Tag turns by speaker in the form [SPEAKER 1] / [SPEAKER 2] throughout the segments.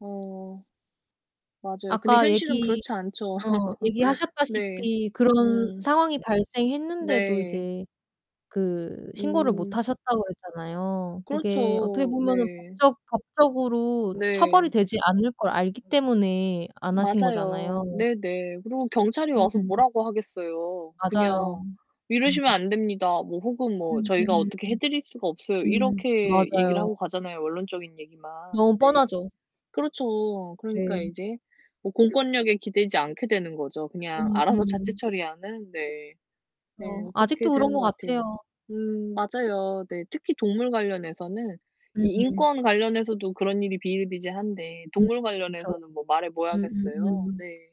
[SPEAKER 1] 어. 맞아요. 근데
[SPEAKER 2] 아까
[SPEAKER 1] 현실은
[SPEAKER 2] 얘기
[SPEAKER 1] 그렇지 않죠.
[SPEAKER 2] 어
[SPEAKER 1] 네.
[SPEAKER 2] 얘기하셨다시피 그런
[SPEAKER 1] 음.
[SPEAKER 2] 상황이 발생했는데도
[SPEAKER 1] 네.
[SPEAKER 2] 이제 그 신고를 못
[SPEAKER 1] 음.
[SPEAKER 2] 하셨다고 그랬잖아요. 그게 어떻게
[SPEAKER 1] 그렇죠.
[SPEAKER 2] 보면은
[SPEAKER 1] 네.
[SPEAKER 2] 법적 법적으로 처벌이
[SPEAKER 1] 네.
[SPEAKER 2] 되지 않을 걸 알기 때문에 안 하신
[SPEAKER 1] 맞아요.
[SPEAKER 2] 거잖아요.
[SPEAKER 1] 네네. 그리고 경찰이 와서
[SPEAKER 2] 음.
[SPEAKER 1] 뭐라고 하겠어요.
[SPEAKER 2] 맞아요.
[SPEAKER 1] 그냥
[SPEAKER 2] 음.
[SPEAKER 1] "이러시면 안 됩니다." 뭐 혹은 뭐 "저희가
[SPEAKER 2] 음음음.
[SPEAKER 1] 어떻게 해 드릴 수가 없어요."
[SPEAKER 2] 음.
[SPEAKER 1] 이렇게 얘기를
[SPEAKER 2] 맞아요.
[SPEAKER 1] 하고 가잖아요, 원론적인 얘기만.
[SPEAKER 2] 너무
[SPEAKER 1] 네.
[SPEAKER 2] 뻔하죠.
[SPEAKER 1] 그렇죠. 그러니까
[SPEAKER 2] 네.
[SPEAKER 1] 인제 뭐 공권력에 기대지 않게 되는 거죠. 그냥 알아서 자체
[SPEAKER 2] 음음.
[SPEAKER 1] 처리하는. 네.
[SPEAKER 2] 어
[SPEAKER 1] 네 그렇게
[SPEAKER 2] 아직도 그런
[SPEAKER 1] 되는
[SPEAKER 2] 것
[SPEAKER 1] 것 같아요.
[SPEAKER 2] 같아요.
[SPEAKER 1] 음 맞아요. 네. 특히 동물 관련해서는 이
[SPEAKER 2] 음.
[SPEAKER 1] 인권 관련해서도 그런 일이 비일비재한데
[SPEAKER 2] 음
[SPEAKER 1] 동물
[SPEAKER 2] 그쵸.
[SPEAKER 1] 관련해서는 뭐 말해 뭐 하겠어요.
[SPEAKER 2] 음음음.
[SPEAKER 1] 네.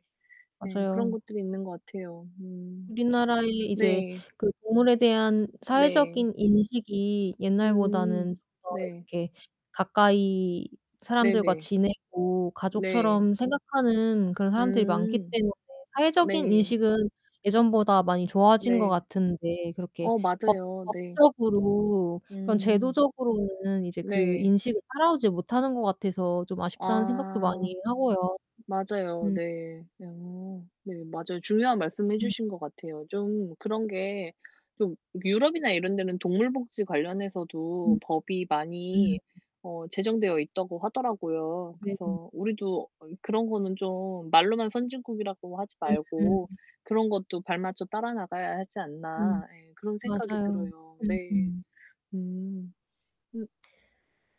[SPEAKER 1] 네. 그런
[SPEAKER 2] 맞아요.
[SPEAKER 1] 것들이 있는 것 같아요. 음.
[SPEAKER 2] 우리나라의 이제
[SPEAKER 1] 네.
[SPEAKER 2] 그 동물에 대한
[SPEAKER 1] 네.
[SPEAKER 2] 사회적인 인식이 옛날보다는 좀
[SPEAKER 1] 음
[SPEAKER 2] 더
[SPEAKER 1] 네.
[SPEAKER 2] 이렇게 가까이 사람들과
[SPEAKER 1] 네네.
[SPEAKER 2] 지내고
[SPEAKER 1] 네.
[SPEAKER 2] 가족처럼 생각하는 그런 사람들이 많기
[SPEAKER 1] 음.
[SPEAKER 2] 때문에 사회적인
[SPEAKER 1] 네.
[SPEAKER 2] 인식은 예전보다 많이 좋아진 것
[SPEAKER 1] 네.
[SPEAKER 2] 같은데 그렇게
[SPEAKER 1] 어
[SPEAKER 2] 법
[SPEAKER 1] 맞아요 네.
[SPEAKER 2] 법적으로 그런
[SPEAKER 1] 음.
[SPEAKER 2] 제도적으로는 이제 그
[SPEAKER 1] 네.
[SPEAKER 2] 인식을 따라오지 못하는 것 같아서 좀 아쉽다는 생각도
[SPEAKER 1] 아.
[SPEAKER 2] 많이 하고요.
[SPEAKER 1] 맞아요.
[SPEAKER 2] 음.
[SPEAKER 1] 네. 어 네. 맞아요. 중요한 말씀 해
[SPEAKER 2] 음.
[SPEAKER 1] 주신 것 같아요. 좀 그런 게 좀 유럽이나 이런 데는 동물 복지 관련해서도
[SPEAKER 2] 음.
[SPEAKER 1] 법이
[SPEAKER 2] 음.
[SPEAKER 1] 많이 어 제정되어 있다고 하더라고요.
[SPEAKER 2] 네 음.
[SPEAKER 1] 그래서 우리도 그런 거는 좀 말로만 선진국이라고 하지
[SPEAKER 2] 음 음.
[SPEAKER 1] 말고 그런 것도 발맞춰 따라 나가야 하지
[SPEAKER 2] 음.
[SPEAKER 1] 않나. 예 그런 생각이
[SPEAKER 2] 맞아요.
[SPEAKER 1] 들어요. 네.
[SPEAKER 2] 음음.
[SPEAKER 1] 음. 음.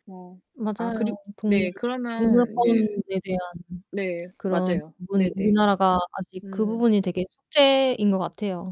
[SPEAKER 1] 어 아 그리
[SPEAKER 2] 맞아요. 동물
[SPEAKER 1] 네 그러면
[SPEAKER 2] 동물권에
[SPEAKER 1] 인제
[SPEAKER 2] 대한
[SPEAKER 1] 네
[SPEAKER 2] 그런
[SPEAKER 1] 맞아요.
[SPEAKER 2] 부분이
[SPEAKER 1] 네네.
[SPEAKER 2] 우리나라가 아직 그
[SPEAKER 1] 음.
[SPEAKER 2] 부분이 되게 숙제인 것 같아요.